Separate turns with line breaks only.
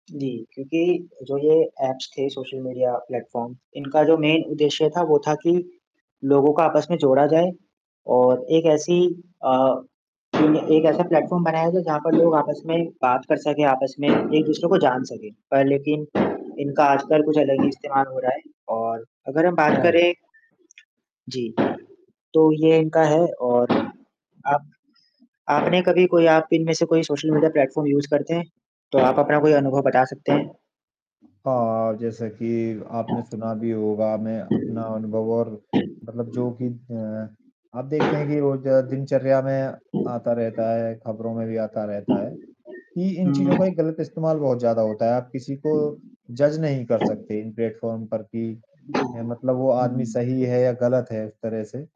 जी, क्योंकि जो ये ऐप्स थे सोशल मीडिया प्लेटफॉर्म, इनका जो मेन उद्देश्य था, वो था कि लोगों का आपस में जोड़ा जाए। और एक ऐसी अ, एक ऐसा प्लेटफॉर्म बनाया जाए, जहाँ पर लोग आपस में बात कर सके, आपस में एक-दूसरे को जान सके। पर लेकिन इनका आजकल कुछ अलग ही इस्तेमाल हो रहा है और अगर हम बात
हाँ।
करें जी, तो ये इनका है और आप आपने कभी कोई आप इनमें से कोई सोशल मीडिया प्लेटफॉर्म यूज़ करते हैं? तो आप अपना कोई अनुभव बता सकते हैं?
हाँ, जैसे कि आपने सुना भी होगा मैं अपना अनुभव और मतलब जो कि अ, आप देखते हैं कि रोज़ दिनचर्या में आता रहता है, खबरों में भी आता रहता है, कि इन चीज़ों
हुँ।
का एक गलत इस्तेमाल बहुत ज़्यादा होता है। आप किसी को जज़ नहीं कर सकते, इन प्लेटफॉर्म पर कि, हैं, मतलब वो आदमी
हुँ।
सही है या गलत है इस तरह से।